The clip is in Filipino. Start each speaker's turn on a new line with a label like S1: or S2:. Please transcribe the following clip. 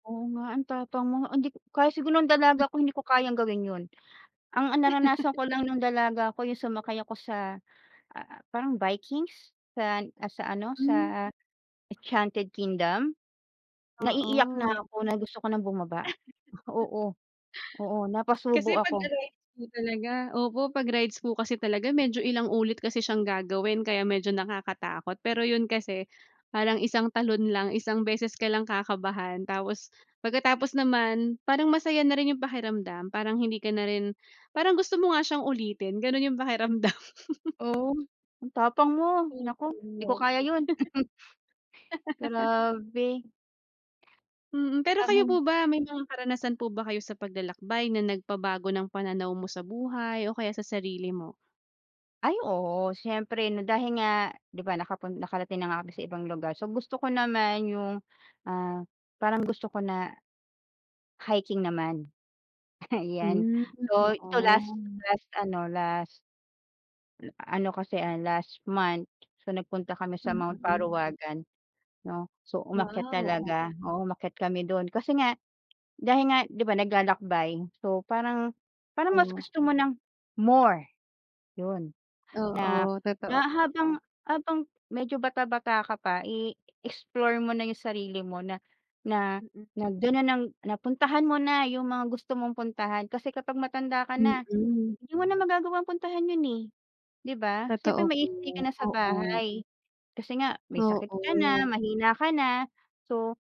S1: Oo nga ang tapang mo hindi ko kahit siguro nung dalaga ako hindi ko kayang gawin yun. Ang, ah, naranasan ko lang no'ng dalaga ako yung sumakay ako sa, ah, parang Vikings sa, ah, sa ano,
S2: Hmm.
S1: sa Enchanted Kingdom. Naiiyak na
S2: Oo.
S1: ako na gusto ko nang bumaba. Oo, oo, napasubo
S2: Kasi pag
S1: ako.
S2: sa rides po talaga, opo, pag rides po kasi talaga medyo ilang ulit kasi siyang gagawin kaya medyo nakakatakot. Pero yun kasi parang isang talon lang isang beses ka lang kakabahan tapos pagkatapos naman parang masaya na rin yung pakiramdam parang hindi ka na rin parang gusto mo nga siyang ulitin gano'n yung pakiramdam.
S1: Oh, ang tapang mo.
S2: Opo
S1: Naku hindi ko
S2: grabe.
S1: kaya yun. Grabe.
S2: Mm. Pero kayo
S1: Ay.
S2: po ba may mga karanasan po ba kayo sa paglalakbay na nagpabago ng pananaw mo sa buhay o kaya sa sarili mo?
S1: Ay, oo siyempre 'no? Dahil nga di ba nakapun nakarating na nga kami sa ibang lugar, so gusto ko naman yung, ah, parang gusto ko na hiking naman. Ayan,
S2: Hmm,
S1: so ito last
S2: oo.
S1: last ano, last a ano kasi, ah, last month, so nagpunta kami sa Mount
S2: Mm.
S1: Parawagan, 'no. So,
S2: Wow,
S1: umakyat
S2: oh.
S1: talaga, oo umakyat kami do'n kasi nga dahil nga di ba naglalakbay, so parang, parang mas
S2: Oh.
S1: gusto mo ng more yun
S2: Oo,
S1: na, na
S2: totoo po,
S1: habang,
S2: oh.
S1: habang medyo bata-bata ka pa i-explore mo na yung sarili mo na na
S2: Mm.
S1: na do'n na ng napuntahan mo na yung mga gusto mong puntahan. Kasi kapag matanda ka na
S2: Mm.
S1: hindi mo na magagawang puntahan yun, eh, di ba? Siyempre
S2: Totoo po,
S1: mag-i-stay ka na sa
S2: oo.
S1: bahay kasi nga may sakit ka na,
S2: Oo.
S1: mahina ka na so